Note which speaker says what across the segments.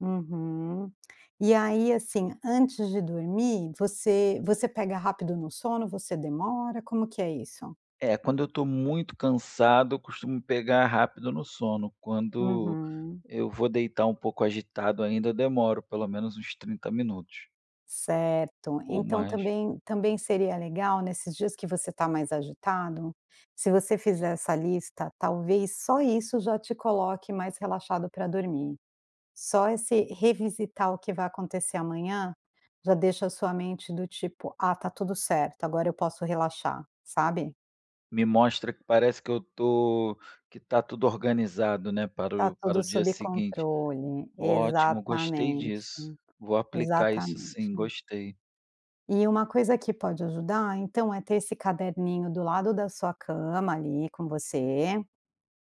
Speaker 1: Uhum. E aí assim, antes de dormir, você você pega rápido no sono, você demora, como que é isso?
Speaker 2: É, quando eu estou muito cansado, eu costumo pegar rápido no sono. Quando
Speaker 1: Uhum.
Speaker 2: eu vou deitar um pouco agitado ainda, eu demoro pelo menos uns 30 minutos
Speaker 1: Certo,
Speaker 2: ou
Speaker 1: então
Speaker 2: mais.
Speaker 1: também também seria legal nesses dias que você está mais agitado, se você fizer essa lista, talvez só isso já te coloque mais relaxado pra dormir. Só esse revisitar o que vai acontecer amanhã, já deixa a sua mente do tipo, ah está tudo certo agora eu posso relaxar, sabe?
Speaker 2: Me mostra que parece que eu estou que está tudo organizado, né, para
Speaker 1: Está
Speaker 2: o para
Speaker 1: tudo
Speaker 2: o dia
Speaker 1: sob
Speaker 2: seguinte.
Speaker 1: controle,
Speaker 2: Ótimo, gostei
Speaker 1: exatamente,
Speaker 2: disso. Vou aplicar isso sim,
Speaker 1: exatamente.
Speaker 2: gostei.
Speaker 1: E uma coisa que pode ajudar então é ter esse caderninho do lado da sua cama ali com você,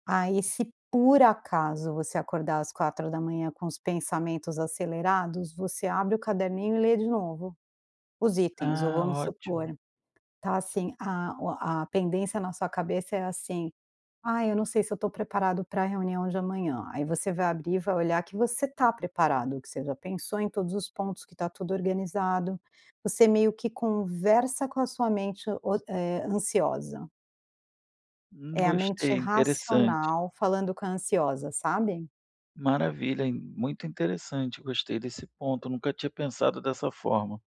Speaker 1: aí se por acaso você acordar às 4 da manhã com os pensamentos acelerados você abre o caderninho e lê de novo, os itens ou
Speaker 2: Ah,
Speaker 1: vamos supor,
Speaker 2: ótimo.
Speaker 1: está assim, a o a pendência na sua cabeça é assim, ai eu não sei se eu estou preparado pra reunião de amanhã. Aí você vai abrir e vai olhar que você está preparado, que você já pensou em todos os pontos, que está tudo organizado, você meio que conversa com a sua mente oci eh ansiosa.
Speaker 2: Hum
Speaker 1: É a mente
Speaker 2: gostei, interessante.
Speaker 1: racional falando com a ansiosa sabe?
Speaker 2: Maravilha, hein. In muito interessante. Gostei desse ponto. Eu nunca tinha pensado dessa forma.